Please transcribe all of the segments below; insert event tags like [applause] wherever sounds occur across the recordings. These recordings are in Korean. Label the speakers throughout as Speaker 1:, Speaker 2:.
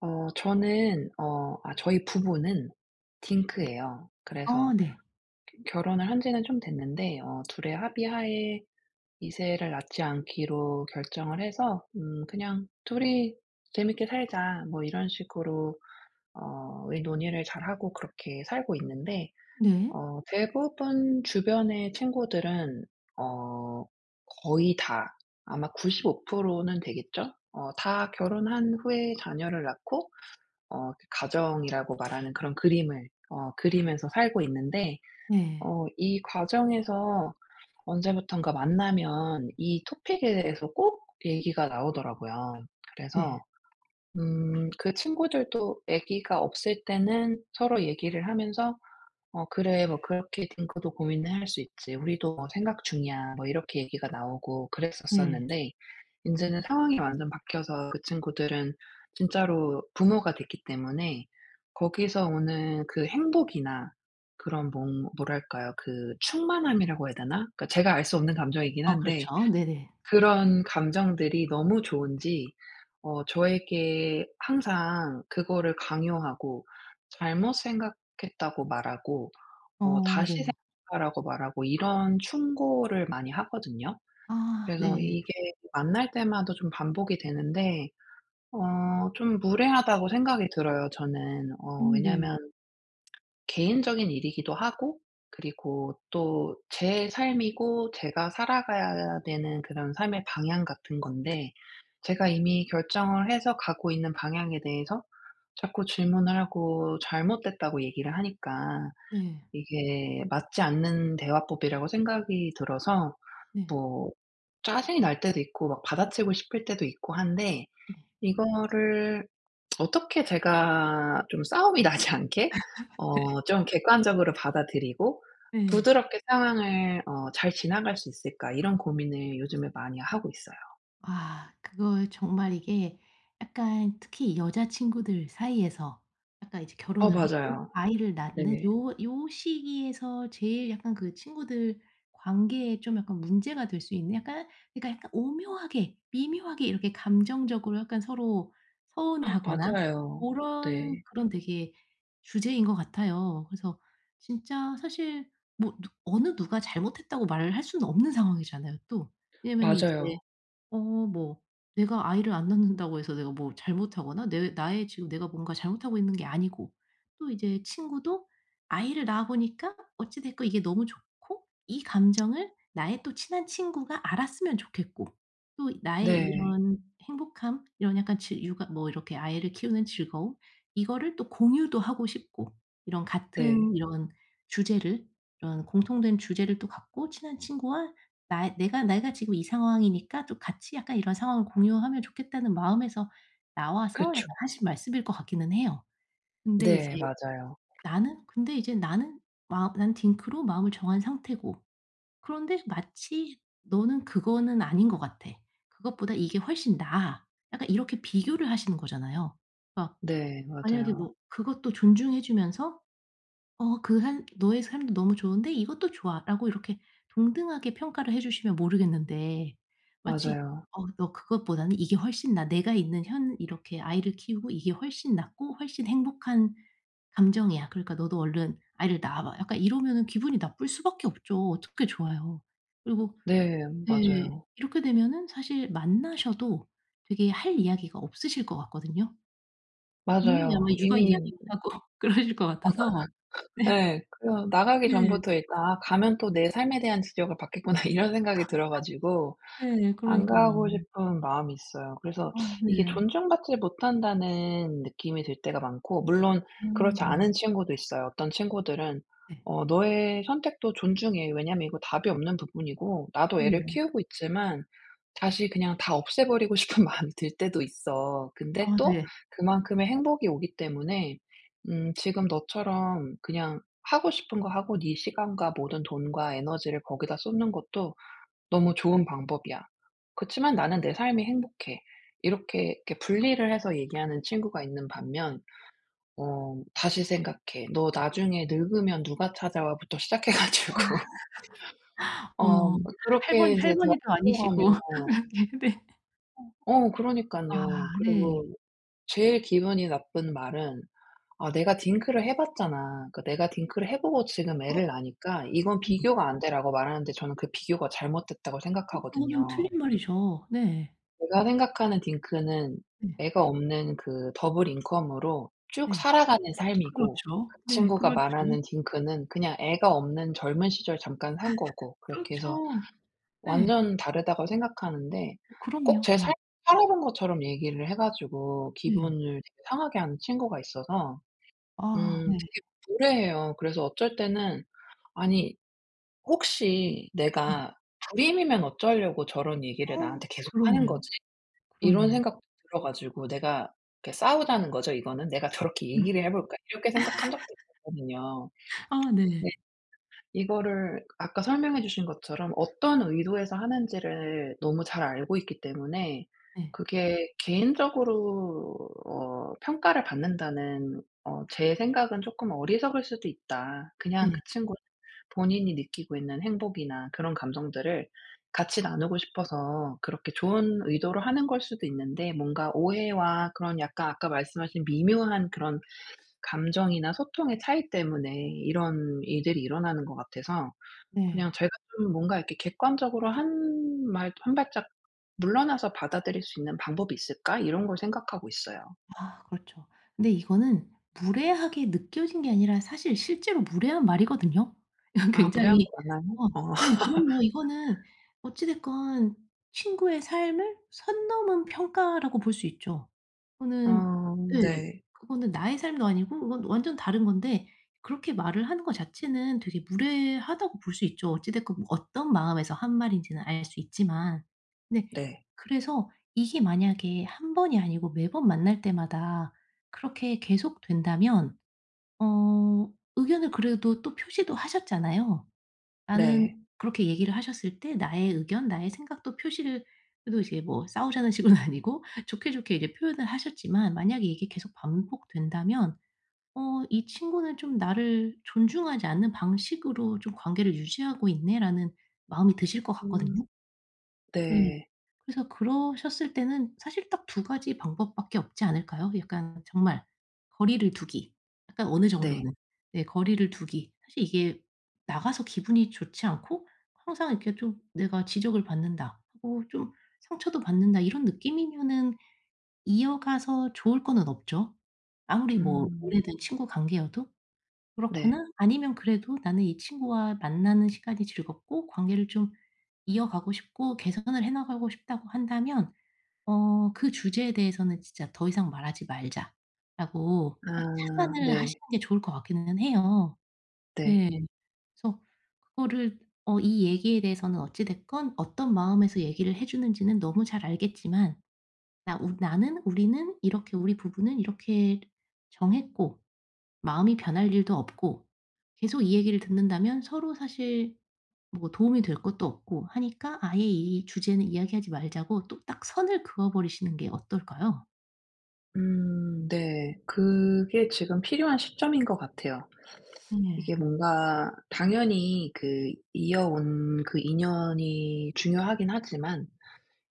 Speaker 1: 어 저는 어 아 저희 부부는
Speaker 2: 네.
Speaker 1: 딩크예요. 그래서
Speaker 2: 어 네.
Speaker 1: 결혼을 한 지는 좀 됐는데 어 2 의 합의 하에 2 세를 낳지 않기로 결정을 해서 음 "그냥 2이 재밌게 살자." 뭐 이런 식으로 어 이 논의를 잘하고 그렇게 살고 있는데
Speaker 2: 네.
Speaker 1: 어 대부분 주변의 친구들은 어 거의 다 아마 95% 는 되겠죠? 어 다 결혼한 후에 자녀를 낳고 어 가정이라고 말하는 그런 그림을 어 그리면서 살고 있는데
Speaker 2: 네.
Speaker 1: 어 이 과정에서 언제부턴가 만나면 이 토픽에 대해서 꼭 얘기가 나오더라고요.
Speaker 2: 네.
Speaker 1: 그래서 음 그 친구들도 애기가 없을 때는 서로 얘기를 하면서 "어 그래 뭐 그렇게 딩크도 고민을 할 수 있지. 우리도 뭐 생각 중이야." 뭐 이렇게 얘기가 나오고
Speaker 2: 네.
Speaker 1: 그랬었었는데 인제는 상황이 완전 바뀌어서 그 친구들은 진짜로 부모가 됐기 때문에 거기서 오는 그 행복이나 그런 뭥 뭐랄까요? 그 충만함이라고 해야 되나? 그러니까 제가 알 수 없는 감정이긴
Speaker 2: 어
Speaker 1: 한데
Speaker 2: 그렇죠. 네네.
Speaker 1: 그런 감정들이 너무 좋은지 어 저에게 항상 그거를 강요하고 잘못 생각했다고 말하고 어
Speaker 2: 어
Speaker 1: 다시
Speaker 2: 네.
Speaker 1: 생각하라고 말하고 이런 충고를 많이 하거든요.
Speaker 2: 아
Speaker 1: 그래서
Speaker 2: 네.
Speaker 1: 이게 만날 때마다 좀 반복이 되는데. 어 좀 무례하다고 생각이 들어요 저는. 어
Speaker 2: 음 네.
Speaker 1: 왜냐하면 [smacks lips] 개인적인 일이기도 하고 그리고 또 제 삶이고 제가 살아가야 되는 그런 삶의 방향 같은 건데 제가 이미 결정을 해서 가고 있는 방향에 대해서 자꾸 질문을 하고 잘못됐다고 얘기를 하니까
Speaker 2: 네.
Speaker 1: 이게 맞지 않는 대화법이라고 생각이 들어서
Speaker 2: 네.
Speaker 1: 뭐 짜증이 날 때도 있고 막 받아치고 싶을 때도 있고 한데.
Speaker 2: 네.
Speaker 1: 이거를 '어떻게 제가 좀 싸움이 나지 않게
Speaker 2: [laughs] 네.
Speaker 1: 어 좀 객관적으로 받아들이고
Speaker 2: 네.
Speaker 1: 부드럽게 상황을 어 잘 지나갈 수 있을까?' 이런 고민을 요즘에 많이 하고 있어요.
Speaker 2: 아 그거 정말 이게 약간 특히 여자친구들 사이에서 약간 이제
Speaker 1: 어
Speaker 2: 결혼을 하고
Speaker 1: 맞아요.
Speaker 2: 아이를 낳는
Speaker 1: 네.
Speaker 2: 요 요 시기에서 제일 약간 그 친구들 관계에 좀 약간 문제가 될 수 있는 약간 그러니까 약간 오묘하게 미묘하게 이렇게 감정적으로 약간 서로
Speaker 1: [gasps]
Speaker 2: 서운해하거나
Speaker 1: 맞아요.
Speaker 2: 고런
Speaker 1: 네.
Speaker 2: 그런 되게 주제인 것 같아요. 그래서 진짜 사실 뭐 누 어느 누가 잘못했다고 말을 할 수는 없는 상황이잖아요 또. 왜냐면은 이제
Speaker 1: 맞아요.
Speaker 2: 어 뭐 내가 아이를 안 낳는다고 해서 내가 뭐 잘못하거나 내 나의 지금 내가 뭔가 잘못하고 있는 게 아니고 또 이제 친구도 아이를 낳아보니까 어찌 됐건 이게 너무 좋고 이 감정을 나의 또 친한 친구가 알았으면 좋겠고 또 나의
Speaker 1: 네.
Speaker 2: 이런 행복함, 이런 약간 즐 육아 뭐 이렇게 아이를 키우는 즐거움 이거를 또 공유도 하고 싶고 이런
Speaker 1: 네.
Speaker 2: 같은 이런 주제를 이런 공통된 주제를 또 갖고 친한 친구와 나의 내가 내가 지금 이 상황이니까 또 같이 약간 이런 상황을 공유하면 좋겠다는 마음에서 나와서 약간
Speaker 1: 그쵸.
Speaker 2: 하신 말씀일 것 같기는 해요. 근데 이제
Speaker 1: 네 맞아요.
Speaker 2: 나는 근데 이제 나는 마 나는 딩크로 마음을 정한 상태고 그런데 마치 "너는 그거는 아닌 것 같아. 그것보다 이게 훨씬 나아." 약간 이렇게 비교를 하시는 거잖아요. 그러니까
Speaker 1: 네
Speaker 2: 만약에
Speaker 1: 맞아요.
Speaker 2: 뭐 그것도 존중해 주면서 어 그 한 "너의 삶도 너무 좋은데 이것도 좋아."라고 이렇게 동등하게 평가를 해 주시면 모르겠는데 마치
Speaker 1: 맞아요.
Speaker 2: "어 너 그것보다는 이게 훨씬 나아. 내가 있는 현 이렇게 아이를 키우고 이게 훨씬 낫고 훨씬 행복한 감정이야. 그러니까 너도 얼른 아이를 낳아 봐." 약간 이러면은 기분이 나쁠 수밖에 없죠. 어떻게 좋아요. 그리고
Speaker 1: 네
Speaker 2: 네.
Speaker 1: 맞아요.
Speaker 2: 이렇게 되면은 사실 만나셔도 되게 할 이야기가 없으실 것 같거든요. 분명히 아마
Speaker 1: 맞아요.
Speaker 2: 육아
Speaker 1: 이미
Speaker 2: 이야기만 하고 그러실 것
Speaker 1: 맞아.
Speaker 2: 같아서.
Speaker 1: [laughs] 예 그래요. 나가기
Speaker 2: 네. 네.
Speaker 1: 전부터 일단 '아 가면 또 내 삶에 대한 지적을 받겠구나.' 이런
Speaker 2: 저도
Speaker 1: 생각이 들어 가지고
Speaker 2: 막 네
Speaker 1: 안 가고
Speaker 2: 그러니깐요.
Speaker 1: 싶은 마음이 있어요. 그래서 [sucks teeth]
Speaker 2: 어
Speaker 1: 이게
Speaker 2: 네.
Speaker 1: 존중받지 못한다는 느낌이 들 때가 많고 물론
Speaker 2: 어
Speaker 1: 그렇지
Speaker 2: 네.
Speaker 1: 않은 친구도 있어요. 어떤 친구들은
Speaker 2: 네.
Speaker 1: "어 너의 선택도 존중해. 왜냐하면 이거 답이 없는 부분이고 나도 애를
Speaker 2: [unintelligible]
Speaker 1: 키우고 있지만 다시 그냥 다 없애버리고 싶은 마음이 들 때도 있어. 근데
Speaker 2: 아
Speaker 1: 또
Speaker 2: 네.
Speaker 1: 그만큼의 행복이 오기 때문에 음 지금 너처럼 그냥 하고 싶은 거 하고 네 시간과 모든 돈과 에너지를 거기다 쏟는 것도 너무 좋은 방법이야. 그렇지만 나는 내 삶이 행복해." 이렇게 이렇게 분리를 해서 얘기하는 친구가 있는 반면 어 "다시 생각해. 너 나중에 늙으면 누가 찾아와?"부터 시작해
Speaker 2: 와.
Speaker 1: 가지고
Speaker 2: [laughs]
Speaker 1: 어
Speaker 2: 어머
Speaker 1: 뭐 그렇게
Speaker 2: 할머니
Speaker 1: 인제 대화가
Speaker 2: 할머니도
Speaker 1: 흘러가면
Speaker 2: 아니시고
Speaker 1: 예
Speaker 2: 왜 그렇게 네.
Speaker 1: 어
Speaker 2: 아
Speaker 1: 그러니깐요. 그리고
Speaker 2: 네.
Speaker 1: 제일 기분이 나쁜 말은 "아 내가 딩크를 해 봤잖아. 거 내가 딩크를 해 보고 지금
Speaker 2: 어.
Speaker 1: 애를 낳으니까 이건
Speaker 2: 음.
Speaker 1: 비교가 안 돼."라고 말하는데 저는 그 비교가 잘못됐다고
Speaker 2: 어 그거는
Speaker 1: 생각하거든요.
Speaker 2: 틀린 말이죠. 네.
Speaker 1: 제가 생각하는 딩크는
Speaker 2: 네.
Speaker 1: 애가 없는 그 double income으로 쭉
Speaker 2: 네.
Speaker 1: 살아가는 삶이고
Speaker 2: 그렇죠.
Speaker 1: 그
Speaker 2: 네
Speaker 1: 친구가
Speaker 2: 그렇지.
Speaker 1: 말하는 딩크는 그냥 애가 없는 젊은 시절 잠깐 산
Speaker 2: [laughs]
Speaker 1: 거고. 그렇게 해서
Speaker 2: 그렇죠. 네.
Speaker 1: 완전 다르다고 생각하는데 꼭
Speaker 2: 그럼요.
Speaker 1: 제
Speaker 2: 네.
Speaker 1: 삶을 살아본 것처럼 얘기를 해 가지고
Speaker 2: 네.
Speaker 1: 기분을 되게 상하게 하는 친구가 있어서
Speaker 2: 아
Speaker 1: 음
Speaker 2: 네.
Speaker 1: 되게 무례해요. 그래서 어쩔 때는 아니 혹시
Speaker 2: 음.
Speaker 1: '내가 불임이면 어쩌려고 저런 얘기를
Speaker 2: 어
Speaker 1: 나한테 계속하는
Speaker 2: 그렇네요.
Speaker 1: 거지?' 이런
Speaker 2: 그러네요.
Speaker 1: 생각도 들어 가지고 내가 이렇게 싸우자는 거죠 이거는. 내가 '저렇게
Speaker 2: 음. [laughs]
Speaker 1: 얘기를 해 볼까.' 이렇게 생각한 적도 있었거든요.
Speaker 2: 아
Speaker 1: [tsk]
Speaker 2: 네.
Speaker 1: 네 이거를 아까 설명해 주신 것처럼 어떤 의도에서 하는지를 너무 잘 알고 있기 때문에
Speaker 2: 네.
Speaker 1: 그게 '개인적으로 어 평가를 받는다는 어 제 생각은 쪼끔 어리석을 수도 있다. 그냥 그
Speaker 2: 네.
Speaker 1: 친구 본인이 느끼고 있는 행복이나 그런 감정들을 같이 나누고 싶어서 그렇게 좋은 의도로 하는 걸 수도 있는데 뭔가 오해와 그런 약간 아까 말씀하신 미묘한 그런 감정이나 소통의 차이 때문에 이런 일들이 일어나는 것 같아서
Speaker 2: 네.
Speaker 1: '그냥 제가 좀 뭔가 이렇게 객관적으로 한 말 한 발짝 물러나서 받아들일 수 있는 방법이 있을까?' 이런 걸 생각하고 있어요.
Speaker 2: [sighs] 그렇죠. 근데 이거는 무례하게 느껴진 게 아니라 사실 실제로 무례한 말이거든요. 이건
Speaker 1: 아 무례한
Speaker 2: 굉장히
Speaker 1: 거 맞나요?
Speaker 2: 어
Speaker 1: 어.
Speaker 2: 네 그럼요. 이거는
Speaker 1: [laughs]
Speaker 2: 어찌 됐건 친구의 삶을 선 넘은 평가라고 볼 수 있죠. 그거는
Speaker 1: 아
Speaker 2: 예.
Speaker 1: 네.
Speaker 2: 그거는 나의 삶도 아니고 그건 완전 다른 건데 그렇게 말을 하는 거 자체는 되게 무례하다고 볼 수 있죠. 어찌 됐건 뭐 어떤 마음에서 한 말인지는 알 수 있지만. 네
Speaker 1: 네.
Speaker 2: 그래서 이게 만약에 1 번이 아니고 매번 만날 때마다 그렇게 계속된다면 어 의견을 그래도 또 표시도 하셨잖아요. 나는
Speaker 1: 네.
Speaker 2: 그렇게 얘기를 하셨을 때 나의 의견, 나의 생각도 표시를 그래도 이제 뭐 싸우자는 식으로는 아니고 좋게좋게 이제 표현을 하셨지만 만약에 이게 계속 반복된다면 '어 이 친구는 좀 나를 존중하지 않는 방식으로 좀 관계를 유지하고 있네.'라는 마음이 드실 것
Speaker 1: 음.
Speaker 2: 같거든요. 네.
Speaker 1: 네.
Speaker 2: 그래서 그러셨을 때는 사실 딱 2 가지 방법밖에 없지 않을까요? 약간 정말 거리를 두기 약간 어느
Speaker 1: 네.
Speaker 2: 정도는. 네 거리를 두기. 사실 이게 나가서 기분이 좋지 않고 항상 이렇게 좀 '내가 지적을 받는다.' 어 좀 '상처도 받는다.' 이런 느낌이면은 이어가서 좋을 거는 없죠. 아무리 뭐
Speaker 1: 음.
Speaker 2: 오래된 친구 관계여도.
Speaker 1: 네.
Speaker 2: 그렇거나 아니면 그래도 나는 이 친구와 만나는 시간이 즐겁고 관계를 좀 이어가고 싶고 개선을 해 나가고 싶다고 한다면 어 "그 주제에 대해서는 진짜 더 이상 말하지 말자."라고 딱
Speaker 1: 아
Speaker 2: 차단을
Speaker 1: 네.
Speaker 2: 하시는 게 좋을 것 같기는 해요.
Speaker 1: 네.
Speaker 2: 예. 그래서 그거를 어 이 얘기에 대해서는 어찌 됐건 어떤 마음에서 얘기를 해 주는지는 너무 잘 알겠지만 나 우 나는, 우리는, 이렇게 우리 부부는 이렇게 정했고 마음이 변할 일도 없고 계속 이 얘기를 듣는다면 서로 사실 뭐 도움이 될 것도 없고 하니까 아예 이 주제는 이야기하지 말자고 또 딱 선을 그어 버리시는 게 어떨까요?
Speaker 1: 음 네 그게 지금 필요한 시점인 것 같아요. 이게
Speaker 2: 예.
Speaker 1: 뭔가 당연히 그 이어 온 그 인연이 중요하긴 하지만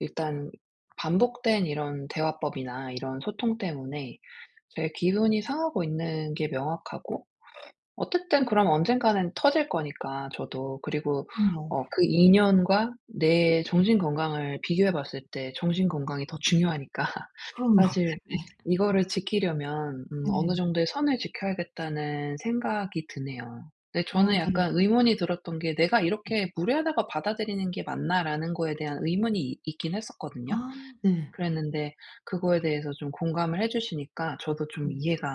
Speaker 1: 일단 반복된 이런 대화법이나 이런 소통 때문에 이제 기분이 상하고 있는 게 명확하고 어쨌든 그럼 언젠가는 터질 거니까 저도 그리고
Speaker 2: 그럼요.
Speaker 1: 어 그 인연과 내 정신건강을 비교해 봤을 때 정신건강이 더 중요하니까
Speaker 2: 그럼요.
Speaker 1: 사실
Speaker 2: 네.
Speaker 1: 이거를 지키려면 음 '어느
Speaker 2: 네.
Speaker 1: 정도의 선을 지켜야겠다.'는 생각이 드네요. 근데 저는
Speaker 2: 아 네.
Speaker 1: 약간 의문이 들었던 게 '내가 이렇게 무례하다고 받아들이는 게 맞나?'라는 거에 대한 의문이 이 있긴 했었거든요.
Speaker 2: 아 네.
Speaker 1: 그랬는데 그거에 대해서 좀 공감을 해 주시니까 저도 좀
Speaker 2: 음.
Speaker 1: 이해가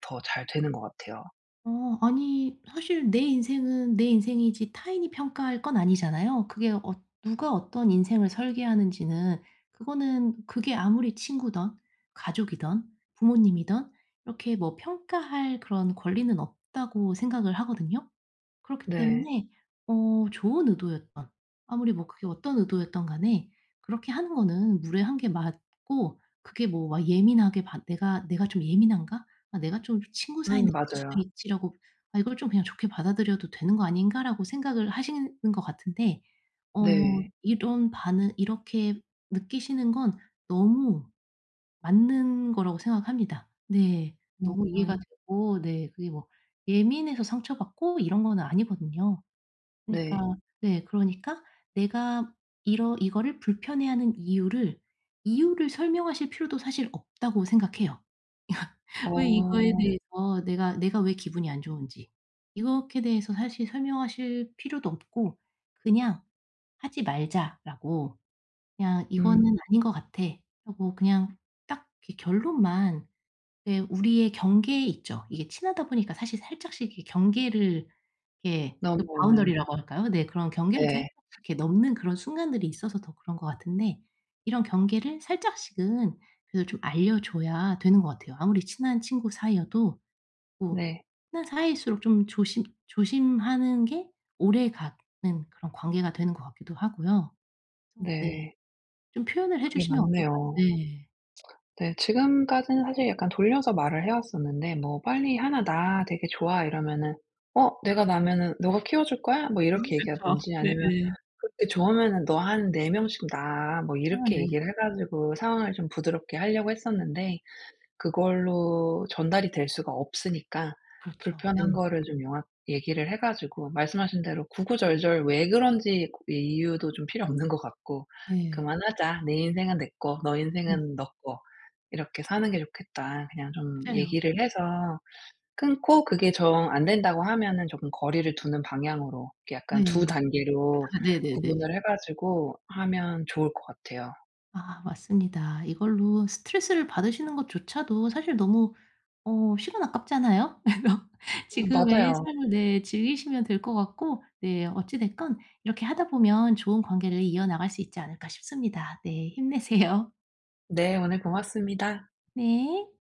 Speaker 1: 더 잘 되는 것 같아요.
Speaker 2: 어 아니 사실 내 인생은 내 인생이지 타인이 평가할 건 아니잖아요. 그게 어 '누가 어떤 인생을 설계하는지는 그거는 그게 아무리 친구든 가족이든 부모님이든 이렇게 뭐 평가할 그런 권리는 없다.'고 생각을 하거든요. 그렇기
Speaker 1: 네.
Speaker 2: 때문에 어 좋은 의도였든 아무리 뭐 그게 어떤 의도였든 간에 그렇게 하는 거는 무례한 게 맞고 그게 뭐 '와 예민하게 반 내가 내가 좀 예민한가? 아 내가 좀 친구 사이인데
Speaker 1: 음
Speaker 2: 그럴 수도
Speaker 1: 맞아요.
Speaker 2: 있지.'라고 '아 이걸 좀 그냥 좋게 받아들여도 되는 거 아닌가?'라고 생각을 하시는 거 같은데 어
Speaker 1: 네.
Speaker 2: 이런 반응 이렇게 느끼시는 건 너무 맞는 거라고 생각합니다. 네 너무 이해가
Speaker 1: 음음.
Speaker 2: 되고 네 그게 뭐 예민해서 상처받고 이런 건 아니거든요. 그니까
Speaker 1: 네.
Speaker 2: 네 그러니까 내가 이러 이거를 불편해하는 이유를, '이유를 설명하실 필요도 사실 없다.'고 생각해요. [laughs] 왜 이거에
Speaker 1: 어.
Speaker 2: 대해서 내가 내가 왜 기분이 안 좋은지 이것에 대해서 사실 설명하실 필요도 없고 그냥 "하지 말자."라고 그냥
Speaker 1: 음.
Speaker 2: "이거는 아닌 것 같아." 하고 그냥 딱 이렇게 결론만 예 우리의 경계에 있죠. 이게 친하다 보니까 사실 살짝씩 이렇게 경계를 예 그
Speaker 1: 넘어오는.
Speaker 2: 바운더리라고 할까요 네. 그런 경계를 살짝씩
Speaker 1: 네.
Speaker 2: 이렇게 넘는 그런 순간들이 있어서 더 그런 것 같은데 이런 경계를 살짝씩은 그래도 좀 알려줘야 되는 것 같아요 아무리 친한 친구 사이여도. 뭐
Speaker 1: 네.
Speaker 2: 친한 사이일수록 좀 조심 조심하는 게 오래가는 그런 관계가 되는 것 같기도 하고요 네.
Speaker 1: 네.
Speaker 2: 좀 표현을 해
Speaker 1: 그게
Speaker 2: 주시면 어떨까요
Speaker 1: 맞네요.
Speaker 2: 네.
Speaker 1: 네 지금까지는 사실 약간 돌려서 말을 해 왔었는데 뭐 "빨리 1 낳아 되게 좋아." 이러면은 "어 내가 낳으면은 너가 키워 줄 거야?" 뭐
Speaker 2: 아
Speaker 1: 이렇게
Speaker 2: 그쵸.
Speaker 1: 얘기하든지 아니면
Speaker 2: 네네.
Speaker 1: "그렇게 좋으면은 너 한 4 명씩 낳아." 뭐
Speaker 2: 아
Speaker 1: 이렇게
Speaker 2: 네.
Speaker 1: 얘기를 해 가지고 상황을 좀 부드럽게 하려고 했었는데 그걸로 전달이 될 수가 없으니까
Speaker 2: 그렇죠.
Speaker 1: 불편한
Speaker 2: 네.
Speaker 1: 거를 좀 명확히 얘기를 해 가지고 말씀하신 대로 구구절절 왜 그런지 고 이유도 좀 필요 없는 것 같고
Speaker 2: 네.
Speaker 1: "그만하자. 내 인생은 내 꺼 너
Speaker 2: 음.
Speaker 1: 인생은 너 꺼 이렇게 사는 게 좋겠다." 그냥 좀
Speaker 2: 맞아요.
Speaker 1: 얘기를 해서 끊고 그게 정 안된다고 하면은 조금 거리를 두는 방향으로 이렇게
Speaker 2: 네.
Speaker 1: 약간 2 단계로
Speaker 2: 아 네네네.
Speaker 1: 구분을 해 가지고 하면 좋을 것 같아요.
Speaker 2: 아 맞습니다 이걸로 스트레스를 받으시는 것 조차도 사실 너무 어 시간 아깝잖아요? [laughs]
Speaker 1: 음
Speaker 2: 지금의
Speaker 1: 맞아요.
Speaker 2: 삶을 네 즐기시면 될 것 같고 네 어찌 됐건 '이렇게 하다 보면 좋은 관계를 이어나갈 수 있지 않을까?' 싶습니다. 네 힘내세요.
Speaker 1: 네 오늘 고맙습니다.
Speaker 2: 네.